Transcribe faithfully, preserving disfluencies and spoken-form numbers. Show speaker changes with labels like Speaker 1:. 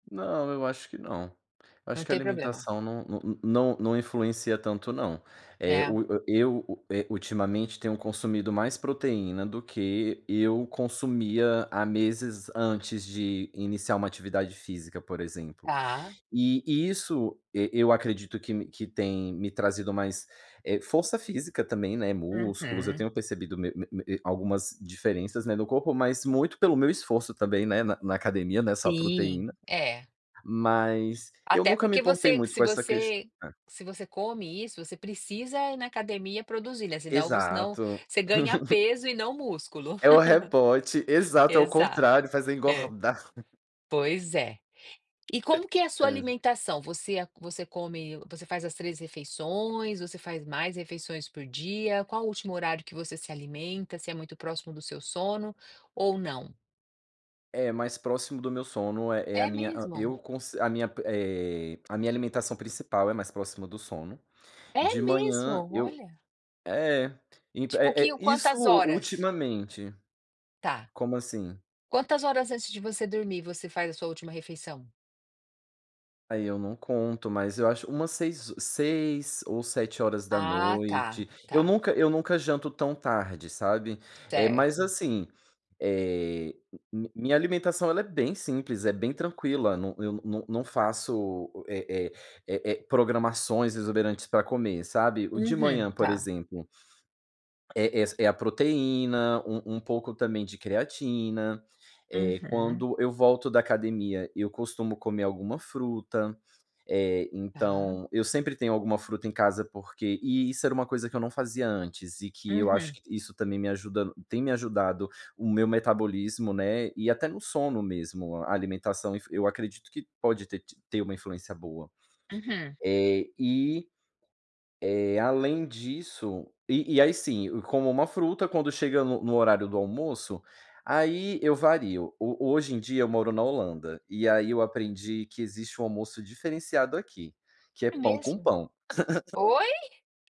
Speaker 1: Não, eu acho que não. Eu
Speaker 2: Não
Speaker 1: acho que a
Speaker 2: tem problema.
Speaker 1: alimentação não não não influencia tanto não. Eh,
Speaker 2: É.
Speaker 1: o o, eh, o eu, eh, ultimamente tenho consumido mais proteína do que eu consumia há meses antes de iniciar uma atividade física, por exemplo.
Speaker 2: Tá
Speaker 1: E isso e eu acredito que que tem me trazido mais, eh, força física também, né, músculos, eu
Speaker 2: Uhum.
Speaker 1: tenho percebido me me me algumas diferenças, né, no corpo mas muito pelo meu esforço também, né, na na academia. Não é só
Speaker 2: Sim.
Speaker 1: proteína.
Speaker 2: É.
Speaker 1: Mas eu
Speaker 2: Até
Speaker 1: nunca me
Speaker 2: porque
Speaker 1: importei
Speaker 2: você
Speaker 1: muito
Speaker 2: se
Speaker 1: com essa questão,
Speaker 2: você
Speaker 1: né.
Speaker 2: se você come isso, você precisa ir na academia produzir, né, se não se não,
Speaker 1: Exato.
Speaker 2: você ganha peso e não músculo.
Speaker 1: É o rebote, exato é o
Speaker 2: Exato,
Speaker 1: contrário, faz é
Speaker 2: é.
Speaker 1: engordar.
Speaker 2: Pois é. E como que é a sua
Speaker 1: Hã.
Speaker 2: alimentação? Você você come, você faz as três refeições, você faz mais refeições por dia, qual o último horário que você se alimenta, se é muito próximo do seu sono, ou não?
Speaker 1: É mais próximo do meu sono é é a
Speaker 2: É
Speaker 1: minha hã,
Speaker 2: mesmo?
Speaker 1: eu conce a minha, eh, a minha alimentação principal é mais próxima do sono. De
Speaker 2: É mesmo?
Speaker 1: manhã eu
Speaker 2: Olha.
Speaker 1: é impe
Speaker 2: Tipo o
Speaker 1: é
Speaker 2: que
Speaker 1: é isso
Speaker 2: quantas horas?
Speaker 1: ultimamente.
Speaker 2: Tá.
Speaker 1: Como assim?
Speaker 2: Quantas horas antes de você dormir você faz a sua última refeição?
Speaker 1: Aí eu não conto mas eu acho umas seis seis ou sete horas da
Speaker 2: Ah tá,
Speaker 1: noite eu
Speaker 2: tá.
Speaker 1: nunca eu nunca janto tão tarde sabe, eh, mas
Speaker 2: Certo.
Speaker 1: assim, eh, minha alimentação ela é bem simples, é bem tranquila, não eu não não faço é é é é programações exuberantes para comer sabe, o de
Speaker 2: Uhum,
Speaker 1: manhã por
Speaker 2: tá.
Speaker 1: exemplo É essa é a proteína, um um pouco também de creatina, eh,
Speaker 2: Uhum.
Speaker 1: quando eu volto da academia eu costumo comer alguma fruta, eh,
Speaker 2: Tá.
Speaker 1: então eu sempre tenho alguma fruta em casa porque e isso era uma coisa que eu não fazia antes e que eu acho
Speaker 2: Uhum.
Speaker 1: isso também me ajuda tem me ajudado o meu metabolismo, né, e até no sono mesmo. A alimentação influ eu acredito que pode ter ti ter uma influência boa.
Speaker 2: Uhum.
Speaker 1: Eh e, eh, além disso, e e aí sim, como uma fruta quando chega no no horário do almoço, aí eu vario. O hoje em dia eu moro na Holanda, e aí eu aprendi que existe um almoço diferenciado aqui, que é
Speaker 2: É
Speaker 1: pão com
Speaker 2: mesmo?
Speaker 1: pão.
Speaker 2: Oi?